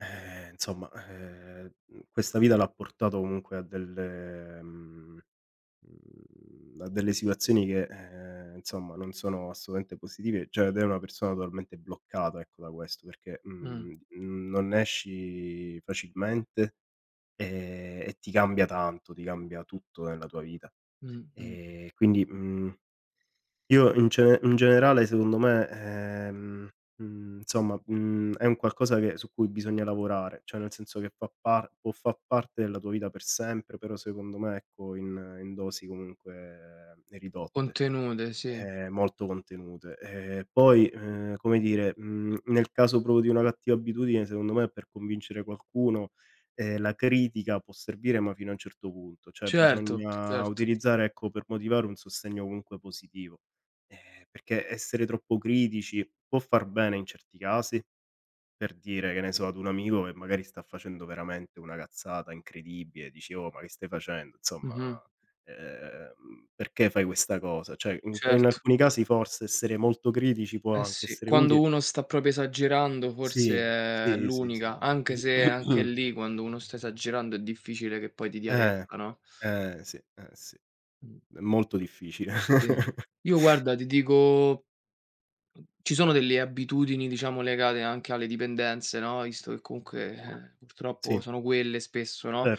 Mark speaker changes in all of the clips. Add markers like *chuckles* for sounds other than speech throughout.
Speaker 1: Eh, insomma, ehm, mhmm, questa vita l'ha portato comunque a delle mhmm, mhmm, a delle situazioni che, ehm, insomma non sono assolutamente positive cioè, ed è una persona totalmente bloccata, ecco, da questo, perché,
Speaker 2: Mh.
Speaker 1: mhmm, mhmm non ne esci facilmente, e e ti cambia tanto, ti cambia tutto nella tua vita.
Speaker 2: Mh, mh.
Speaker 1: E quindi, mhmm, io in cene in generale secondo me, ehm, mhmm, insomma, mhmm, è un qualcosa che su cui bisogna lavorare. Cioè, nel senso che fa par può fa' parte della tua vita per sempre, però secondo me, ecco, in in dosi comunque ridotte,
Speaker 2: Contenute, sì.
Speaker 1: ehm, molto contenute. E poi, ehm, come dire, mhmm, nel caso proprio di una cattiva abitudine secondo me per convincere qualcuno, ehm, la critica può servire ma fino a un certo punto, cioè,
Speaker 2: Certo,
Speaker 1: bisogna
Speaker 2: certo.
Speaker 1: utilizzare, ecco, per motivare un sostegno comunque positivo, ehm, perché essere troppo critici può far bene in certi casi, per dire, che ne so, ad un amico che magari sta facendo veramente una cazzata incredibile, dici: "Oh ma che stai facendo? Insomma,
Speaker 2: Mh-mh.
Speaker 1: ehm, perché fai questa cosa?" Cioè in e in
Speaker 2: Certo.
Speaker 1: alcuni casi forse essere molto critici può
Speaker 2: Eh
Speaker 1: anche
Speaker 2: sì,
Speaker 1: essere
Speaker 2: quando
Speaker 1: utile.
Speaker 2: uno sta proprio esagerando forse
Speaker 1: Sì,
Speaker 2: è
Speaker 1: sì, sì, sì,
Speaker 2: l'unica, anche
Speaker 1: si.
Speaker 2: se, anche
Speaker 1: *clears throat*
Speaker 2: lì, quando uno sta esagerando è difficile che poi ti dia
Speaker 1: Eh,
Speaker 2: retta, no?
Speaker 1: eh si, eh si,
Speaker 2: Mh.
Speaker 1: è molto difficile.
Speaker 2: Sì.
Speaker 1: *chuckles*
Speaker 2: Io guarda, ti dico, ci sono delle abitudini, diciamo, legate anche alle dipendenze, no, visto che comunque, eh, purtroppo
Speaker 1: Sì.
Speaker 2: sono quelle spesso, no,
Speaker 1: Cer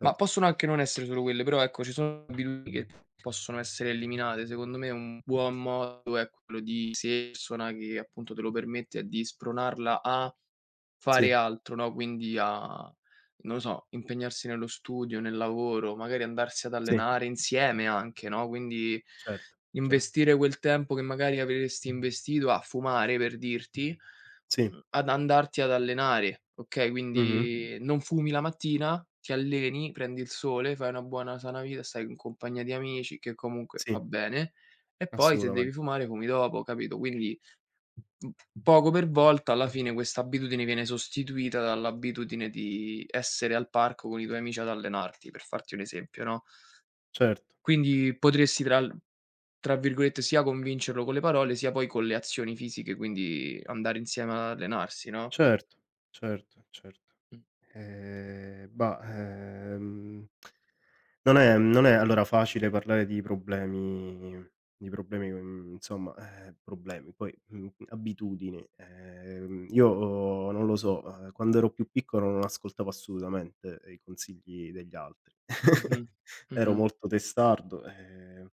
Speaker 2: ma possono anche non essere solo quelle, però, ecco, *unintelligible* possono essere eliminate. Secondo me un buon modo è quello di se *unintelligible* appunto te lo permette di spronarla a fare
Speaker 1: Sì.
Speaker 2: altro, no, quindi a, non lo so, impegnarsi nello studio, nel lavoro, magari andarsi ad
Speaker 1: Sì.
Speaker 2: allenare insieme anche, no, quindi
Speaker 1: Certo, cer
Speaker 2: investire quel tempo che magari avresti investito a fumare, per dirti,
Speaker 1: Sì.
Speaker 2: mhmm, ad andarti ad allenare, okay,
Speaker 1: Mh-mh.
Speaker 2: quindi non fumi la mattina, ti alleni, prendi il sole, fai una buona sana vita, stai in compagnia di amici, che comunque
Speaker 1: Sì.
Speaker 2: fa bene, e poi se
Speaker 1: Assolutamen
Speaker 2: devi fumare, fumi dopo, capito? Quindi, mhmm, poco per volta, alla fine, quest'abitudine viene sostituita dall'abitudine di essere al parco con i tuoi amici ad allenarti, per farti un esempio, no.
Speaker 1: Certo.
Speaker 2: Quindi potresti tra l tra virgolette sia "convincerlo con le parole", sia poi con "le azioni fisiche", quindi andare insieme ad allenarsi, no?
Speaker 1: Certo, certo, certo.
Speaker 2: Mh.
Speaker 1: Ehm, bah, ehm, *clicks tongue* non è non è allora facile parlare di problemi di problemi mhmm, insomma, eh, problemi, poi, mhmm, abitudini. Ehm, io non lo so, ehm, quando ero più piccolo non ascoltavo assolutamente i consigli degli altri.
Speaker 2: Mh-mh,
Speaker 1: *chuckles* Ero
Speaker 2: mh-mh.
Speaker 1: molto testardo, e